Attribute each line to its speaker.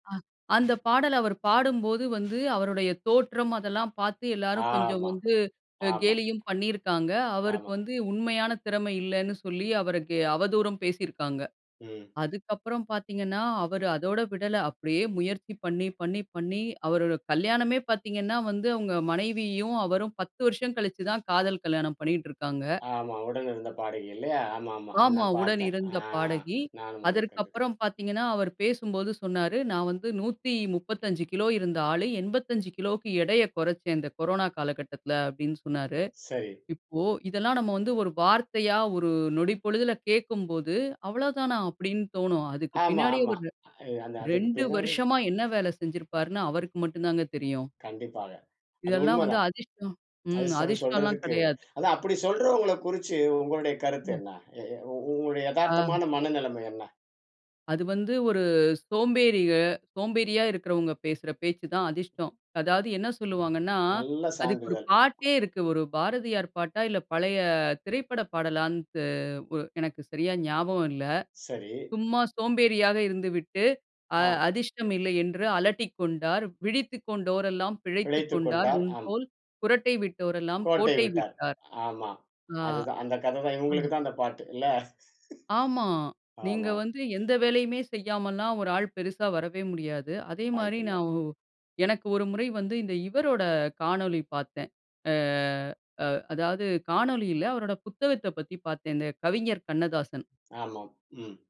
Speaker 1: ஆ. அந்த பாடல அவர் பாடும்போது வந்து, அவருடைய தோற்றம், அதெல்லாம் பாத்து, எல்லாரும் கொஞ்சம்
Speaker 2: ஆமா,
Speaker 1: வந்து,
Speaker 2: ஆமா.
Speaker 1: கேலியும் பண்ணியிருக்காங்க. அவருக்கு
Speaker 2: ஆமா.
Speaker 1: வந்து, உண்மையான திறம இல்லைன்னு சொல்லி, அவருக்கு அவதூரும் பேசியிருக்காங்க.
Speaker 2: ம்.
Speaker 1: அதுக்கப்புறம் பாத்தீங்கன்னா, அவரு அதோட விடல, அப்படியே முயற்சி பண்ணி, பண்ணி, பண்ணி. அவரோட கல்யாணமே பார்த்தீங்கன்னா வந்து, அவங்க மனைவியும் அவரும் 10 வருஷம் கழிச்சுதான், காதல் கல்யாணம் பண்ணிட்டு இருக்காங்க.
Speaker 2: ஆமா. உடனிருந்த பாடகி இல்லையா? ஆமா, ஆமா. அ,
Speaker 1: ஆமா.
Speaker 2: நான்
Speaker 1: உடன்
Speaker 2: பாத்தேன்.
Speaker 1: இருந்த
Speaker 2: ஆ
Speaker 1: பாடகி.
Speaker 2: நானும் அதை
Speaker 1: அதற்கு
Speaker 2: கண்டுக்குறேன்.
Speaker 1: அப்புறம் பாத்தீர்கனா, அவர் பேசும்போது சொன்னாரு, நான் வந்து 135 கிலோ இருந்த ஆளு, 85 கிலோக்கு எடைய கொறச்சேன், இந்த கொரோனா காலகட்டத்தில. அப்படின்னு சொன்னாரு.
Speaker 2: சரி.
Speaker 1: இப்போ, இதெல்லாம் நம்ம வந்து, ஒரு வார்த்தையா, ஒரு நொடிப்பொழுதில கேட்கும்போது, அவ்வளோ தானா! அப்படின்னு தோனும். அதுக்கு
Speaker 2: ஆமா,
Speaker 1: பின்னாடி
Speaker 2: ஆமா.
Speaker 1: ஒரு,
Speaker 2: அ அதுக்கு
Speaker 1: 2
Speaker 2: பின்னாடி.
Speaker 1: வருசமா என்ன வேல செஞ்சிருப்பாருனு, அவருக்கு மட்டுந்தாங்க தெரியும்.
Speaker 2: கண்டிப்பாக. அது
Speaker 1: இதெல்லாம் வந்து,
Speaker 2: உண்மதான்.
Speaker 1: அதிஷ்டம் ம்.
Speaker 2: அதிர்ஷ்டம்னு
Speaker 1: அதிஷ்டலாம்
Speaker 2: சொல்றதுக்கு.
Speaker 1: கெடையாது.
Speaker 2: அத அப்படி சொல்றவங்கள குறிச்சு, உங்களுடைய கருத்து
Speaker 1: ம்.
Speaker 2: என்ன? உ உங்களுடைய
Speaker 1: ஆ.
Speaker 2: எதார்த்தமான மனநிலம என்ன?
Speaker 1: அது வந்து, ஒரு சோம்பேறிக சோம்பேறியா இருக்கிறவங்க பேசுற பேச்சு தான் அதிர்ஷ்டம். அதாவது என்ன சொல்லுவாங்கன்னா.
Speaker 2: நல்ல
Speaker 1: அதுக்கு ஒரு
Speaker 2: சான்றிதழ்.
Speaker 1: பாட்டே இருக்கு. ஒரு பாரதியார் பாட்டா? இல்ல பழைய... திரைப்பட பாடலானு. எனக்கு சரியா ஞாபகம் இல்ல.
Speaker 2: சரி.
Speaker 1: "சும்மா சோம்பேறியா இருந்துவிட்டு. அ
Speaker 2: ஆ.
Speaker 1: அதிஷ்டம் இல்லை என்று அலட்டிக்கொண்டார். விழித்துக் கொண்டோர் எல்லாம் பிழைத்துக்
Speaker 2: பிழைத்துக்
Speaker 1: கொண்டார்.
Speaker 2: கொண்டார். அம்.
Speaker 1: உன்போல், குறட்டை விட்டோரெல்லாம்
Speaker 2: கோட்டை
Speaker 1: கோட்டை
Speaker 2: விட்டார்.
Speaker 1: விட்டார்."
Speaker 2: ஆமா.
Speaker 1: ஆ.
Speaker 2: அதுதான். அந்த கததான்.
Speaker 1: அ.
Speaker 2: இவங்களுக்குதா அந்த பாட்டு. இல்ல?
Speaker 1: ஆமா. நீங்க
Speaker 2: ஆமா.
Speaker 1: வந்து எந்த வேலையுமே செய்யாமல்லாம், ஒரு ஆள் பெருசா வரவே முடியாது. அதே
Speaker 2: வாய்ப்பு
Speaker 1: மாரி
Speaker 2: இல்ல.
Speaker 1: நான் ஒ எனக்கு ஒரு முறை வந்து, இந்த இவரோட காணொளி பாத்தேன். அ ஆ. அதாவது, காணொளியில, அவரோட புத்தகத்தப் பத்தி பாத்தேங்க. கவிஞர் கண்ணதாசன்.
Speaker 2: ஆமா. ம்.